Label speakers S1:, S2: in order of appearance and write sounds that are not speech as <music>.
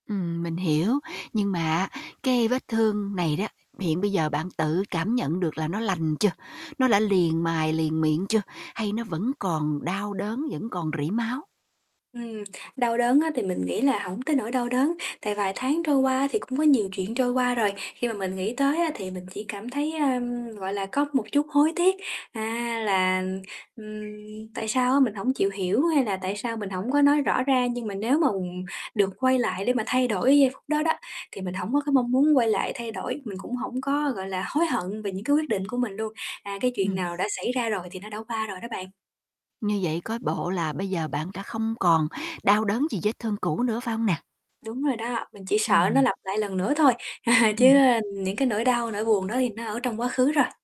S1: Ừm, mình hiểu, nhưng mà á, cái vết thương này đó, hiện bây giờ bạn tự cảm nhận được là nó lành chưa? Nó đã liền mài, liền miệng chưa? Hay nó vẫn còn đau đớn, vẫn còn rỉ máu?
S2: Ừm, đau đớn á thì mình nghĩ là hổng tới nỗi đau đớn, tại vài tháng trôi qua thì cũng có nhiều chuyện trôi qua rồi, khi mà mình nghĩ tới á thì mình chỉ cảm thấy, ơ, gọi là, có một chút hối tiếc, a, là, ừm, tại sao á mình hổng chịu hiểu hay là tại sao mình hổng có nói rõ ra. Nhưng mà nếu mà được quay lại để mà thay đổi giây phút đó đó thì mình hổng có cái mong muốn quay lại thay đổi, mình cũng hổng có, gọi là, hối hận về những cái quyết định của mình luôn. À, cái chuyện
S1: Ừm.
S2: nào đã xảy ra rồi thì nó đã qua rồi đó bạn.
S1: Như vậy coi bộ là bây giờ bạn đã không còn đau đớn gì vết thương cũ nữa, phải hông nè?
S2: Đúng rồi đó, mình chỉ sợ nó
S1: Ừm.
S2: lặp lại lần nữa thôi. <chuckles> Chứ,
S1: Ừm.
S2: ơ, những cái nỗi đau, nỗi buồn đó thì nó ở trong quá khứ rồi.